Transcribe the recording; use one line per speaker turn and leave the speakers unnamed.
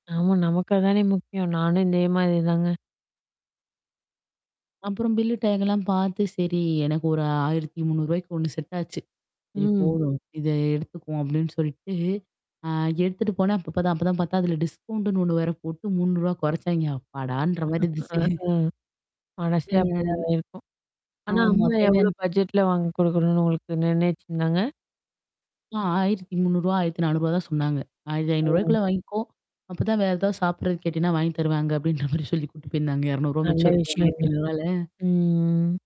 ஆமா நமக்கு அதானே முக்கியம். நானும் இந்தே மாரி தாங்க.
அப்புறம் பில்லு டேக்கலாம் பாத்து, சரி எனக்கு ஒரு ரூ. 1300க்கு ஒண்ணு செட் ஆச்சு. "சரி
ம்.
போவோம், இத எடுத்துக்குவோம்" அப்டின்னு சொல்லிட்டு, ஆ எடுத்துட்டு போனா ப்ப தான் அப்ப தான் பாத்தா, அதுல டிஸ்கவுண்ட்டுன்னு ஒண்ணு வேற போட்டு ரூ. 300 கொறச்சாய்ங்க. அப்பாடான்ற மாரி
அ,
இருந்துச்சு.
ஹ்ம் மனசே
ம்
அப்டி தான்
ம்.
இதாயிருக்கும். ஆனா,
ஆமா.
அம்மா எவ்வளோ
தேவையான
பட்ஜெட்ல வாங்கி குடுக்கணும்னு உங்களுக்கு நிர்ணயிச்சுருந்தாங்க?
ஆ ரூ. 1300, ரூ. 1400, தான் சொன்னாங்க. "ஆயிரத்தி ஐநூறு
ம்.
ருவாய்க்குள்ள வாங்கிக்கோ, அப்பதான் வேற ஏதாவது சாப்பிடுறதுக்கு கேட்டீன்னா வாங்கி தருவேன் அங்க" அப்டின்ற மாரி சொல்லி கூட்டு போயிருந்தாங்க. ரூ. 200
நல்ல
மிச்சம் இருக்கும் ஆயிரத்தி
விஷயம்ங்க
ஐநூறு ருவால்ல
ம்.